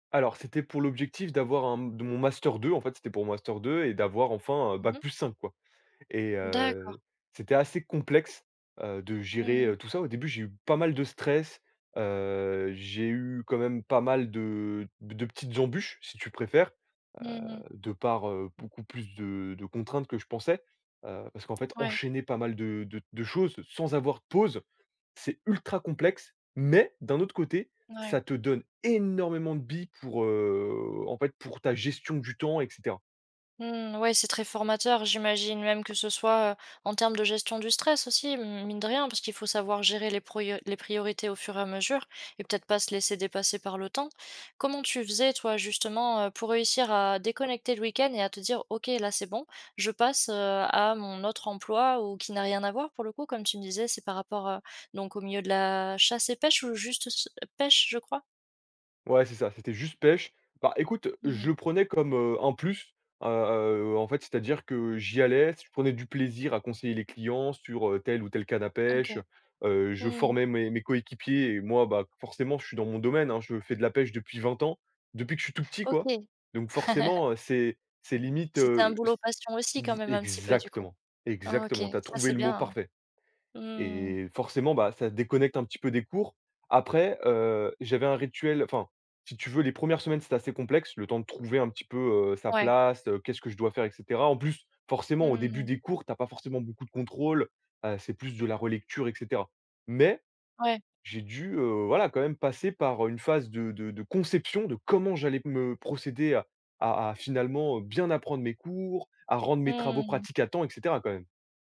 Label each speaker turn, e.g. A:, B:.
A: Alors, c'était pour l'objectif d'avoir un d mon Master 2, en fait, c'était pour mon Master 2 et d'avoir enfin
B: Mmh
A: BAC
B: mh.
A: plus cinq, quoi. Et
B: D'accord.
A: heu, c'était assez complexe, heu, de gérer,
B: Mmh.
A: heu, tout ça. Au début, j'ai eu pas mal de stress, heu, j'ai eu quand même pas mal de de petites embûches si tu préfères, heu,
B: Mmh.
A: de par, heu, beaucoup plus de de contraintes que je pensais, heu, parce qu'en fait
B: Ouais.
A: enchaîner pas mal de de de choses sans avoir de pause, c'est ultra complexe, mais d'un autre côté,
B: N ouais.
A: ça te donne énormément de billes pour, heu, en fait, pour ta gestion du temps et cetera.
B: Mmh ouais, c'est très formateur. J'imagine même que ce soit, heu, en termes de gestion du stress aussi mine de rien, parce qu'il faut savoir gérer les pruo les priorités au fur et à mesure et peut-être pas se laisser dépasser par le temps. Comment tu faisais, toi, justement, heu, pour réussir à déconnecter le week-end et à te dire: «OK, là c'est bon, je passe, heu, à mon autre emploi»? Ou qui n'a rien à voir pour le coup, comme tu me disais, c'est par rapport, heu, donc au milieu de la chasse et pêche ou juste s ch heu, pêche, je crois?
A: Ouais, c'est ça, c'était juste pêche. Bah, écoute,
B: Mmh.
A: je le prenais comme, heu, un plus, heu, heu, en fait, c'est-à-dire que j'y allais, je prenais du plaisir à conseiller les clients sur, heu, telle ou telle canne à pêche,
B: OK.
A: heu, je
B: Mmh.
A: formais mes mes coéquipiers et moi, bah, forcément, je suis dans mon domaine, hein, je fais de la pêche depuis 20 ans, depuis que je suis tout petit, quoi.
B: OK.
A: Donc forcément, heu, c'est c'est limite,
B: C'était un
A: heu, c
B: boulot passion aussi quand
A: v
B: même un petit peu du coup?
A: exactement,
B: OK,
A: exactement, tu as
B: ça
A: trouvé
B: c'est
A: le mot
B: bien, hein?
A: parfait.
B: Mmh.
A: Et forcément, bah, ça déconnecte un petit peu des cours. Après heu, j'avais un rituel, enfin, si tu veux, les 1res semaines, c'était assez complexe, le temps de trouver un petit peu, heu, sa
B: Ouais.
A: place, heu, qu'est-ce que je dois faire et cetera. En plus, forcément, au début
B: Mmh.
A: des cours, tu as pas forcément beaucoup de contrôles, heu, c'est plus de la relecture, et cetera. Mais
B: Ouais.
A: j'ai dû, heu, voilà, quand même passer par, heu, une phase de de de conception de comment j'allais me procéder à à à finalement, heu, bien apprendre mes cours, à rendre mes travaux
B: Mmh.
A: pratiques à temps, et cetera quand même.